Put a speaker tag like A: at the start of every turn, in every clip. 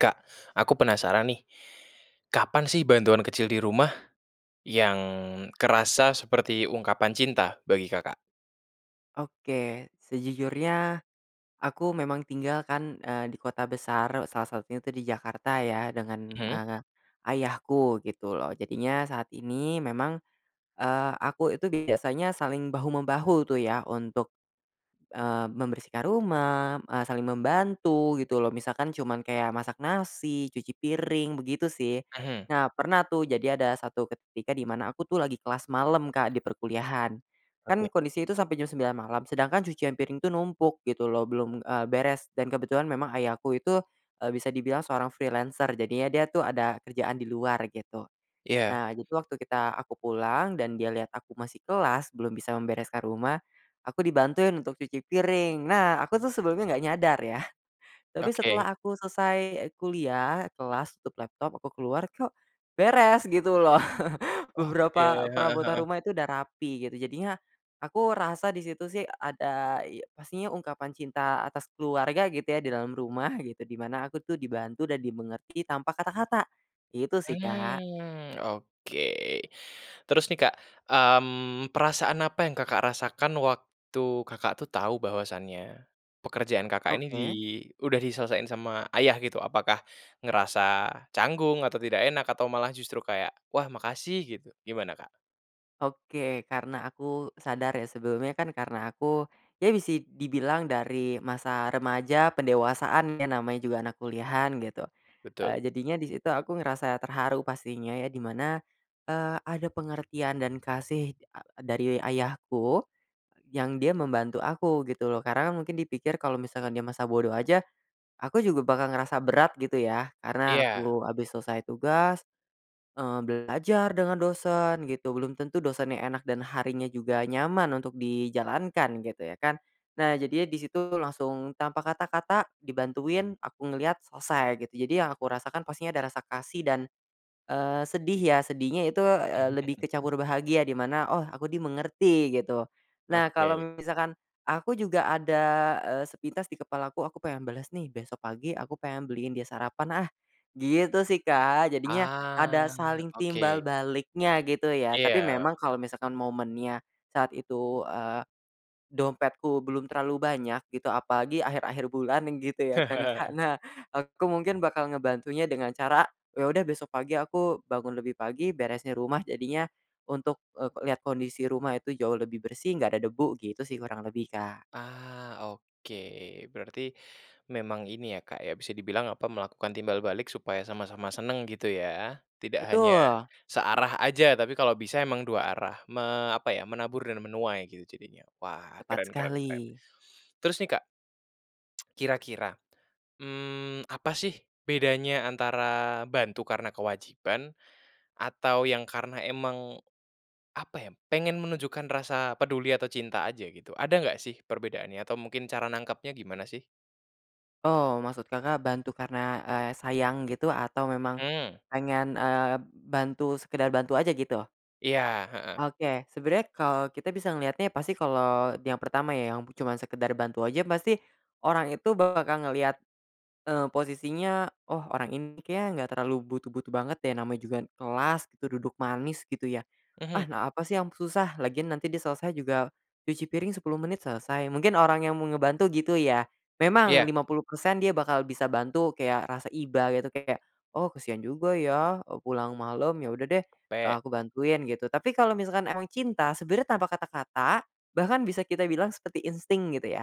A: Kak, aku penasaran nih. Kapan sih bantuan kecil di rumah, yang kerasa seperti ungkapan cinta bagi Kakak?
B: Oke, sejujurnya aku memang tinggal kan, eee, di kota besar e salah satunya tuh di Jakarta ya dengan,
A: Mhm.
B: eee, ayahku gitu loh jadinya saat ini memang, eee, aku itu biasanya saling bahu-membahu tuh ya untuk, eee, membersihkan rumah, eee, saling membantu gitu loh misalkan cuman kayak masak nasi, cuci piring, begitu sih.
A: Mhm.
B: Nah pernah tuh jadi ada satu ketika di mana aku tuh lagi kelas malam Kak di perkuliahan. Kan,
A: Oke.
B: kondisi itu sampe jam 9 malam sedangkan cucian piring tuh numpuk gitu loh belum, eee, beres dan kebetulan memang ayahku itu, eee, bisa dibilang seorang freelancer jadinya dia tuh ada kerjaan di luar gitu.
A: Iya.
B: Nah itu waktu kita aku pulang dan dia liat aku masih kelas belum bisa membereskan rumah, aku dibantuin untuk cuci piring. Nah aku tuh sebelumnya gak nyadar yah. Tapi
A: Oke.
B: setelah aku selesai kuliah, kelas, tutup laptop aku keluar, kok, beres, gitu loh.
A: Oke,
B: Beberapa
A: heeh
B: perabotan
A: heeh.
B: rumah itu udah rapi gitu jadinya aku rasa di situ sih ada iy pastinya ungkapan cinta atas keluarga gitu ya di dalam rumah, gitu di mana aku tuh dibantu dan dimengerti tanpa kata-kata, itu sih Kak.
A: Hmm, oke, terus nih Kak, mmm, perasaan apa yang Kakak rasakan waktu Kakak tuh tau bahwasanya, pekerjaan Kakak ini di
B: Oke.
A: udah diselesaiin sama ayah gitu, apakah ngerasa canggung atau tidak enak atau malah justru kayak, "Wah makasih," gitu, gimana Kak?
B: Oke, karena aku sadar ya sebelumnya, kan, karena aku ya bisa dibilang dari masa remaja pendewasaan ya namanya juga anak kuliahan gitu,
A: Betul.
B: eee, jadinya di situ aku ngerasa terharu pastinya ya di mana, eee, ada pengertian dan kasih e dari ayahku, yang dia membantu aku gitu loh karena mungkin dipikir kalo misalkan dia masa bodo aja, aku juga bakal ngerasa berat gitu ya, karena
A: Iya.
B: aku abis selesai tugas, eee, belajar dengan dosen gitu belum tentu dosennya enak dan harinya juga nyaman untuk dijalankan gitu ya kan. Nah, jadinya di situ langsung tanpa kata-kata dibantuin aku ngeliat selesai gitu jadi yang aku rasakan pastinya ada rasa kasih dan, eee, sedih ya sedihnya itu, eee, lebih kecampur bahagia di mana, "Oh, aku dimengerti," gitu. Nah, kalo
A: Oke.
B: misalkan aku juga ada, eee, sepintas di kepalaku, "Aku pengen balas nih besok pagi aku pengen beliin dia sarapan ah," gitu sih Kak jadinya,
A: Ah,
B: ada saling
A: oke.
B: timbal baliknya gitu ya tapi
A: Iya.
B: memang kalo misalkan momennya, saat itu, eee, dompetku belum terlalu banyak gitu apalagi akhir-akhir bulan nih gitu ya kan Kak, nah aku mungkin bakal ngebantunya dengan cara, eee, ya udah besok pagi aku bangun lebih pagi beresin rumah jadinya, untuk, eee, liat kondisi rumah itu jauh lebih bersih gak ada debu, gitu sih kurang lebih Kak.
A: Ah, oke. Berarti memang ini ya Kak ya, bisa dibilang apa melakukan timbal balik supaya sama-sama senang gitu ya. Tidak hanya,
B: Betul.
A: searah aja tapi kalo bisa emang dua arah. Me apa ya menabur dan menuai gitu jadinya, wah, keren
B: Tepat
A: keren keren.
B: sekali.
A: Terus nih Kak, kira-kira, mmm, apa sih bedanya antara bantu karena kewajiban atau yang karena emang, apa ya, pengen menunjukkan rasa peduli atau cinta aja gitu, ada gak sih perbedaannya atau mungkin cara nangkepnya gimana sih?
B: Oh, maksud Kakak bantu karena, eee, sayang gitu atau memang
A: Mhm.
B: pengen, eee, bantu sekedar bantu aja gitu?
A: Iya, heeh.
B: Oke, sebenarnya kalau kita bisa ngeliatnya pasti kalau yang pertama ya yang cuma sekedar bantu aja pasti, orang itu bakal ngelihat, eee, posisinya, "Oh orang ini kayaknya gak terlalu butuh-butuh banget deh namanya juga kelas itu duduk manis." Gitu ya.
A: Mhm.
B: "Ah na apa sih yang susah lagian nanti dia selesai juga cuci piring 10 menit selesai."Mungkin orang yang mau ngebantu gitu ya. Memang
A: Iya.
B: 50% dia bakal bisa bantu kayak rasa iba gitu kayak, "Oh, kasihan juga ya, e pulang malam. Ya udah deh, eee,
A: Pe.
B: aku bantuin," gitu. Tapi kalo misalkan emang cinta, sebenarnya tanpa kata-kata, bahkan bisa kita bilang sepeti insting gitu ya,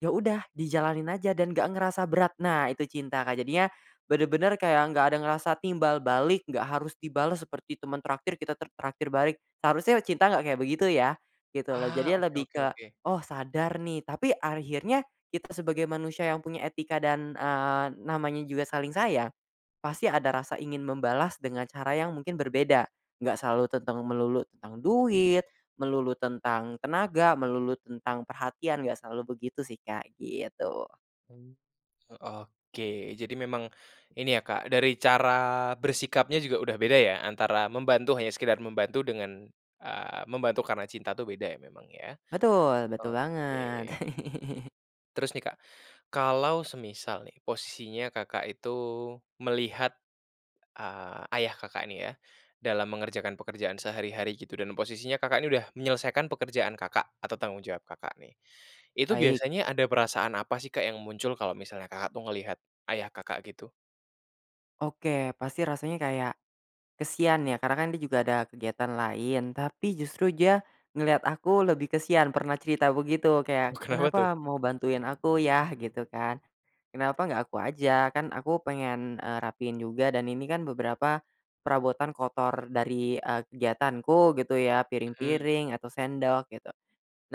B: ya udah dijalanin aja dan gak ngerasa berat nah itu cinta Kak. Jadinya, benar-benar kayak gak ada ngerasa timbal balik gak harus dibalas seperti teman traktir kita t traktir balik, seharusnya cinta gak kayak begitu ya, gitu loh.
A: Ah,
B: Jadinya
A: oke
B: lebih
A: oke
B: ke,
A: oke.
B: oh, sadar nih tapi akhirnya kita sebagai manusia yang punya etika dan, eee, namanya juga saling sayang, pasti ada rasa ingin membalas dengan cara yang mungkin berbeda, gak selalu tentang melulu tentang duit, melulu tentang tenaga, melulu tentang perhatian gak selalu begitu sih Kak, gitu.
A: Oh, oke, jadi memang, ini ya Kak dari cara bersikapnya juga udah beda ya, antara membantu hanya sekedar membantu dengan, ah, membantu karena cinta tuh beda ya memang ya,
B: Betul betul banget.
A: oke. Terus nih Kak, kalau semisal nih posisinya Kakak itu melihat, ah, ayah Kakak nih ya, dalam mengerjakan pekerjaan sehari-hari gitu dan posisinya Kakak nih udah menyelesaikan pekerjaan Kakak, atau tanggung jawab Kakak nih. Itu
B: Baik.
A: biasanya ada perasaan apa sih Kak yang muncul kalo misalnya Kakak tuh ngelihat ayah Kakak gitu?
B: Oke, pasti rasanya kayak kasihan ya karena kan dia juga ada kegiatan lain tapi justru dia, ngeliat aku lebih kasihan pernah cerita begitu kayak,
A: Oh, kenapa tuh?
B: "Kenapa mau bantuin aku, Yah?" gitu kan. "Kenapa gak aku aja? Kan aku pengen, eee, rapihin juga dan ini kan beberapa perabotan kotor dari, eee, kegiatanku gitu ya
A: Mhm.
B: piring-piring atau sendok," gitu.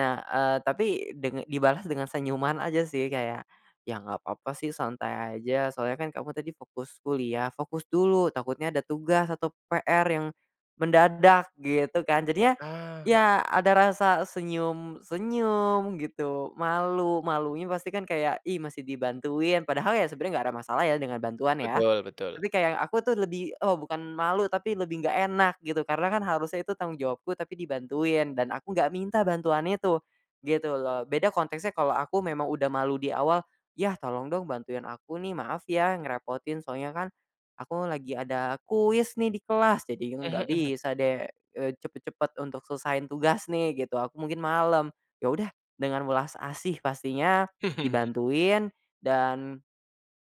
B: Nah, eee, tapi deng dibalas dengan senyuman aja sih kayak, "Ya gak papa sih santai aja soalnya kan kamu tadi fokus kuliah, fokus dulu takutnya ada tugas atau PR yang mendadak," gitu kan. Jadinya,
A: Ah, heeh.
B: ya ada rasa senyum-senyum gitu malu malunya pasti kan kayak, ih masih dibantuin padahal ya sebenarnya gak ada masalah ya dengan bantuan ya.
A: Betul betul.
B: Tapi kayak aku tuh lebih oh, bukan malu tapi lebih gak enak gitu karena kan harusnya itu tanggung jawabku tapi dibantuin dan aku gak minta bantuan itu, gitu loh. Beda konteksnya kalau aku memang udah malu di awal, "Yah tolong dong bantuin aku nih, maaf ya ngerepotin soalnya kan aku lagi ada kuis nih di kelas jadinya
A: Mhm
B: gak
A: mhm.
B: bisa deh, eee, cepat-cepat untuk selesaiin tugas nih," gitu, "aku mungkin malam." Ya udah dengan welas asih pastinya dibantuin dan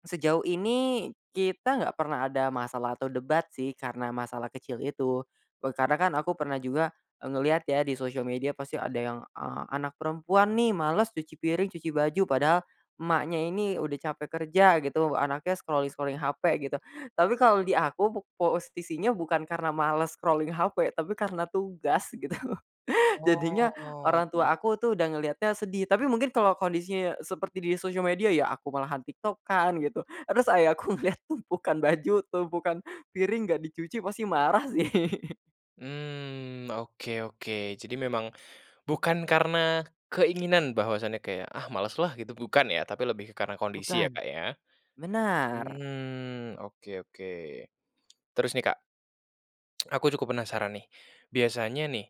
B: sejauh ini kita gak pernah ada masalah atau debat sih karena masalah kecil itu, eee, karena kan aku pernah juga, eee, ngeliat ya di sosial media pasti ada yang a anak perempuan nih males cuci piring cuci baju padahal emaknya ini udah capek kerja gitu anaknya scrolling-scrolling HP gitu, tapi kalo di aku po posisinya bukan karena malas scrolling HP tapi karena tugas gitu. Jadinya, orang
A: Oh.
B: tua aku tuh udah ngeliatnya sedih tapi mungkin kalau kondisinya seperti di sosial media ya aku malahan TikTok-an gitu, terus ayahku lihat tumpukan baju tumpukan piring gak dicuci pasti marah sih.
A: Mmm, oke oke, jadi memang bukan karena keinginan bahwasanya kayak, ah males lah gitu bukan ya tapi lebih ke karena kondisi ya
B: Bukan.
A: Kak ya.
B: Benar.
A: Mmm, oke oke. Terus nih Kak, aku cukup penasaran nih. Biasanya nih,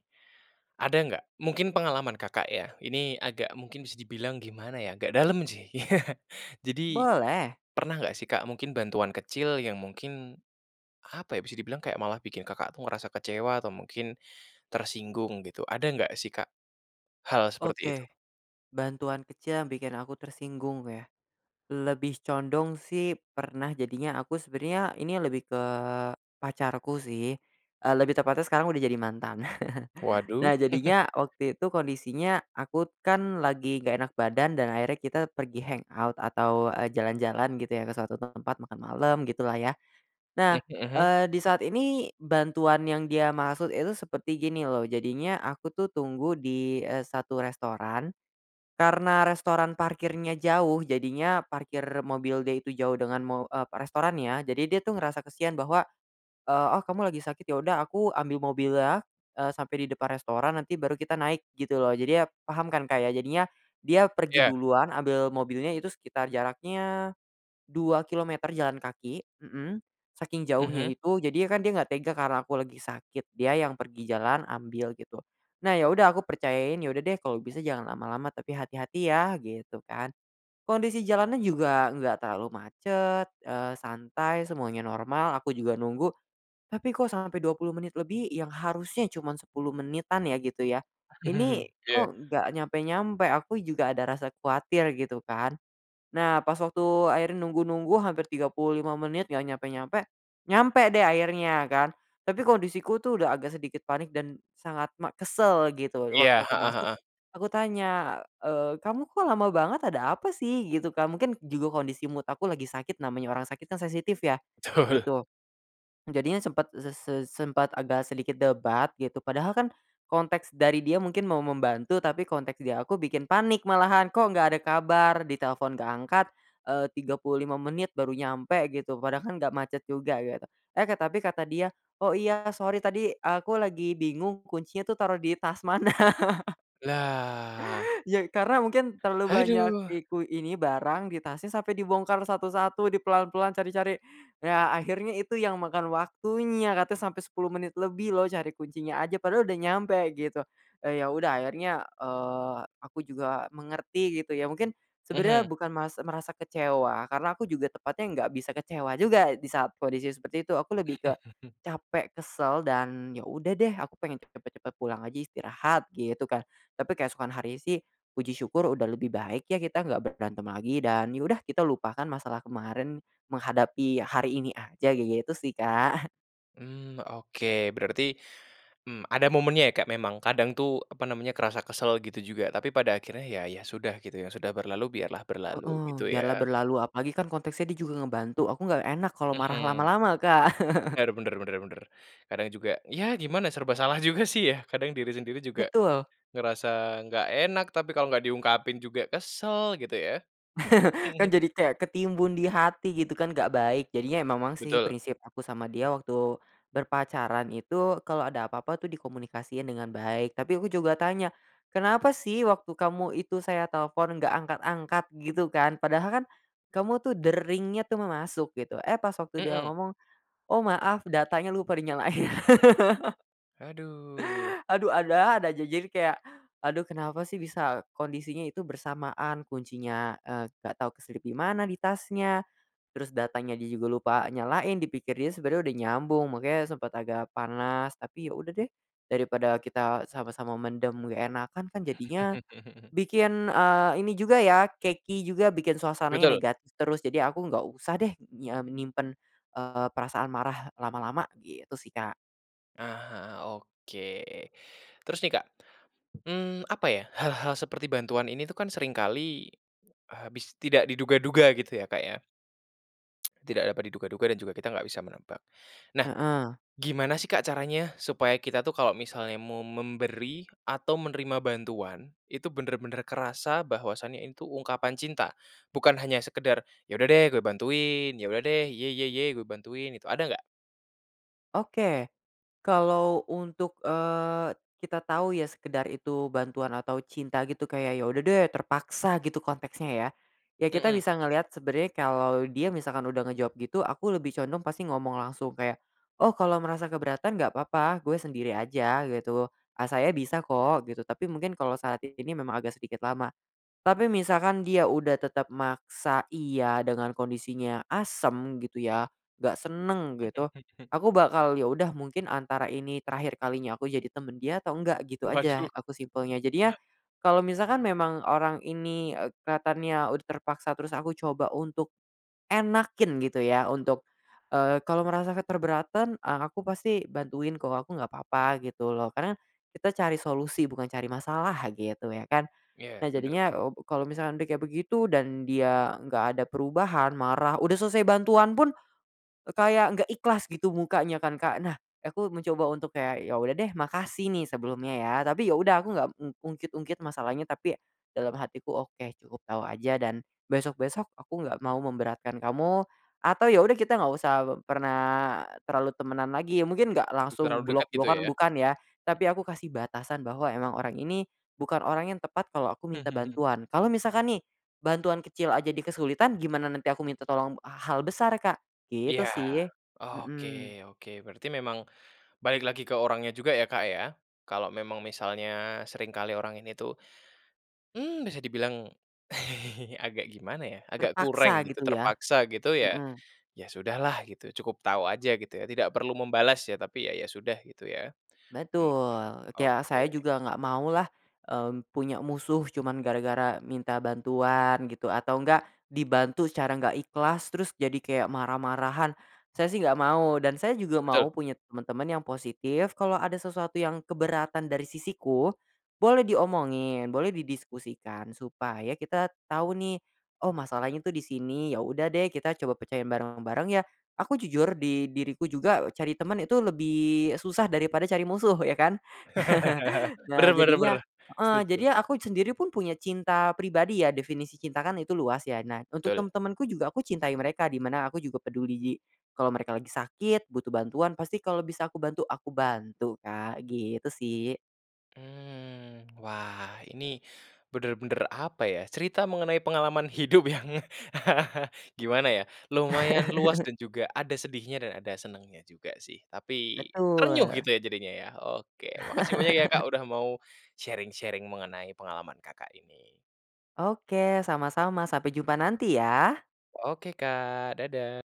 A: ada gak, mungkin pengalaman Kakak ya, ini agak mungkin bisa dibilang gimana ya, agak dalam sih. Jadi,
B: Boleh.
A: pernah gak sih Kak mungkin bantuan kecil yang mungkin, apa ya bisa dibilang kayak malah bikin Kakak tuh ngerasa kecewa atau mungkin, tersinggung gitu, ada gak sih Kak, hal seperti itu?
B: Oke, bantuan kecil yang bikin aku tersinggung ya, lebih condong sih pernah jadinya aku sebenarnya ini lebih ke, pacarku sih, eee, lebih tepatnya sekarang udah jadi mantan.
A: Waduh.
B: Nah jadinya waktu itu kondisinya aku kan lagi gak enak badan dan akhirnya kita pergi hang out atau, eee, jalan-jalan gitu ya ke suatu tempat makan malam gitu lah ya. Nah,
A: Mmm, mhm.
B: eee, di saat ini, bantuan yang dia maksud itu seperti gini loh jadinya aku tuh tunggu di, eee, 1 restoran, karena restoran parkirnya jauh jadinya parkir mobil dia itu jauh dengan mo eee, pa restorannya jadi dia tuh ngerasa kasihan bahwa, eee, "Oh, kamu lagi sakit ya udah aku ambil mobilnya, eee, sampe di depan restoran nanti baru kita naik," gitu loh jadi ya paham kan Kak ya jadinya, dia pergi
A: Iya.
B: duluan ambil mobilnya itu sekitar jaraknya, 2 kilometer jalan kaki mhm, saking jauhnya
A: Mhm.
B: itu jadinya kan dia gak tega karena aku lagi sakit dia yang pergi jalan ambil gitu. Nah ya udah aku percayain, "Ya udah deh kalo bisa jangan lama-lama tapi hati-hati ya," gitu kan. Kondisi jalannya juga gak terlalu macet, eee, santai semuanya normal aku juga nunggu. Tapi kok sampai 20 menit lebih yang harusnya cuma 10 menitan ya gitu ya, ini
A: Iya.
B: kok gak nyampe-nyampe, aku juga ada rasa kuatir gitu kan. Nah pas waktu akhirnya nunggu-nunggu hampir 35 menit gak nyampe-nyampe, nyampe deh akhirnya kan. Tapi kondisiku tuh udah agak sedikit panik dan sangat ma kesel gitu tuh waktu
A: Iya,
B: aku
A: heeh
B: masuk,
A: heeh.
B: aku tanya, eee, "Kamu kok lama banget ada apa sih?" gitu Kak mungkin juga kondisi mood aku lagi sakit namanya orang sakit kan sensitif ya,
A: Tul.
B: gitu. Jadinya sempat ze se sempat agak sedikit debat gitu padahal kan, konteks dari dia mungkin mau membantu tapi konteks di aku bikin panik malahan kok gak ada kabar ditelepon gak angkat, eee, 35 menit baru nyampe gitu padahal kan gak macet juga gitu. Eh, Kak tapi kata dia, "Oh, iya sorry tadi aku lagi bingung kuncinya tuh taruh di tas mana."
A: Lah.
B: Ya, karena mungkin terlalu banyak
A: Haduh.
B: iku ini barang di tasnya sampe dibongkar satu-satu di pelan-pelan, cari-cari. Ya akhirnya itu yang makan waktunya, katanya sampai 10 menit lebih loh cari kuncinya aja padahal udah nyampe gitu, eee, ya udah akhirnya, eee, aku juga mengerti gitu ya, mungkin
A: Mhm.
B: sebenarnya bukan mas merasa kecewa, karena aku juga tepatnya gak bisa kecewa juga di saat kondisi seperti itu aku lebih ke capek, kesel dan ya udah deh aku pengen pe cepat cepat pulang aja istirahat gitu kan. Tapi keesokan harinya sih, puji syukur udah lebih baik ya kita gak berantem lagi dan ya udah kita lupakan masalah kemarin, menghadapi hari ini aja gitu sih Kak.
A: Mmm, oke berarti, mmm, ada momennya ya Kak, memang kadang tuh, apa namanya kerasa kesal gitu juga tapi pada akhirnya ya ya sudah gitu ya, sudah berlalu biarlah berlalu,
B: Heeh,
A: gitu
B: biarlah
A: ya.
B: berlalu apalagi kan konteksnya dia juga ngebantu aku gak enak kalau marah
A: Mhm.
B: lama-lama Kak.
A: Benar benar benar benar. Kadang juga, ya gimana serba salah juga sih ya, kadang diri sendiri juga,
B: Betul.
A: ngerasa gak enak tapi kalau gak diungkapin juga kesal, gitu ya.
B: Kan jadi kayak ketimbun di hati gitu kan gak baik, jadinya ya memang sih
A: Betul.
B: prinsip aku sama dia waktu, berpacaran itu kalo ada apa-apa tuh dikomunikasiin dengan baik tapi aku juga tanya, "Kenapa sih waktu kamu itu saya telfon gak angkat-angkat?" gitu kan, "Padahal kan, kamu tuh deringnya tuh ma masuk," gitu. Eh, pas waktu dia
A: Mhm.
B: ngomong, "Oh, maaf, datanya lupa dinyalain."
A: Aduh.
B: Aduh, ada-ada aja, jadi kayak, aduh kenapa sih bisa kondisinya itu bersamaan, kuncinya, eee, gak tau keselip di mana di tasnya, terus datanya dia juga lupa nyalain dipikir dia sebenarnya udah nyambung makanya sempat agak panas tapi ya udah deh, dari pada kita sama-sama mendem gak enakan kan jadinya bikin, eee, ini juga ya, keki juga bikin suasananya
A: Betul.
B: negatif terus jadi aku gak usah deh nya menyimpan, eee, perasaan marah lama-lama, gitu sih Kak.
A: Ah, heeh, oke. Terus nih Kak. Mmm, apa ya, hal-hal seperti bantuan ini tuh kan seringkali, habis tidak diduga-duga gitu ya Kak ya. Tidak dapat diduga-duga dan juga kita gak bisa menebak. Nah,
B: Heeh.
A: gimana sih Kak caranya supaya kita tuh kalo misalnya mau memberi atau menerima bantuan, itu benar-benar kerasa bahwasanya itu ungkapan cinta, bukan hanya sekedar, "Ya udah deh gue bantuin, ya udah deh, iya- iya- iya gue bantuin," itu ada gak?
B: Oke, kalau untuk, eee, kita tau ya sekedar itu bantuan atau cinta gitu kayak, ya udah deh, terpaksa gitu konteksnya ya. Ya kita
A: Mhm.
B: bisa ngeliat sebenarnya kalau dia misalkan udah ngejawab gitu aku lebih condong pasti ngomong langsung kayak, "Oh, kalau ngerasa keberatan gak papa gue sendiri aja," gitu, "Ah, saya bisa kok," gitu, tapi mungkin kalo saat ini memang agak sedikit lama. Tapi misalkan dia udah tetap maksa iya dengan kondisinya asam gitu ya, gak senang gitu, aku bakal, ya udah mungkin antara ini terakhir kalinya aku jadi teman dia atau enggak, gitu aja,
A: Waduh.
B: aku simpelnya jadinya, kalau misalkan memang orang ini ek kelihatannya udah terpaksa terus aku coba untuk enakin gitu ya untuk, eee, kalo ngerasa keberatan, eee, aku pasti bantuin kok aku nggak papa, gitu loh karena, kita cari solusi bukan cari masalah gitu ya kan.
A: Iya,
B: Nah
A: benar benar.
B: jadinya obu kalau misalkan dia kayak begitu dan dia gak ada perubahan marah udah selesai bantuan pun, eee, kayak gak ikhlas gitu mukanya kan Kak, nah, aku mencoba untuk kayak, ya udah deh makasih nih sebelumnya ya tapi ya udah aku nggak m ungkit-ungkit masalahnya tapi, dalam hatiku oke, cukup tau aja dan, besok-besok aku gak mau memberatkan kamu, atau ya udah kita gak usah pe pernah, terlalu temenan lagi, ya mungkin gak langsung
A: Terlalu dekat gitu
B: blok-blokan
A: ya, mhm.
B: bukan ya. Tapi aku kasih batasan bahwa emang orang ini, bukan orang yang tepat kalau aku minta bantuan. Kalau misalkan nih, bantuan kecil aja dia kesulitan gimana nanti aku minta tolong h hal besar Kak. Gitu
A: Iya,
B: sih,
A: oke
B: mhm.
A: oke. Berarti memang balik lagi ke orangnya juga ya, Kak, ya. Kalau memang misalnya seringkali orang ini tuh, mmm, bisa dibilang agak gimana ya, agak kurang
B: Terpaksa
A: gitu,
B: gitu ya?
A: terpaksa gitu ya,
B: Mhm.
A: ya sudah lah gitu cukup tau aja ya gitu ya tidak perlu membalas ya tapi ya, ya sudah gitu ya. Mhm,
B: Betul, ke ya,
A: oke.
B: saya juga gak mau lah, mmm, punya musuh cuman gara-gara minta bantuan gitu atau nggak dibantu secara gak ikhlas terus jadi kayak marah-marahan. Saya sih gak mau dan saya juga
A: Betul.
B: mau punya teman-teman yang positif kalau ada sesuatu yang keberatan dari sisiku, boleh diomongi, boleh didiskusikan supaya kita tau nih, oh masalahnya tuh di sini, ya udah deh kita coba pecahin bareng-bareng ya. Aku jujur di diriku juga e cari teman itu lebih susah daripada cari musuh, ya kan.
A: Benar
B: Nah,
A: benar
B: jadinya
A: benar,
B: heeh,
A: setuju.
B: jadinya aku sendiri pun punya cinta pribadi ya, definisi cinta kan itu luas ya nah untuk tem
A: Betul.
B: temanku juga aku cintai mereka di mana aku juga peduli, kalau mereka lagi sakit butuh bantuan pasti kalo bisa aku bantu, aku bantu Kak, gitu sih.
A: Mmm, wah ini, benar-benar apa ya cerita mengenai pengalaman hidup yang gimana ya, lumayan luas dan juga ada sedihnya dan ada senangnya juga sih, tapi, terenyuh
B: Betul.
A: gitu ya jadinya ya, oke, makasih banyak ya Kak udah mau, sharing-sharing mengenai pengalaman Kakak ini.
B: Oke, sama-sama, sampai jumpa nanti ya.
A: Oke Kak, dada.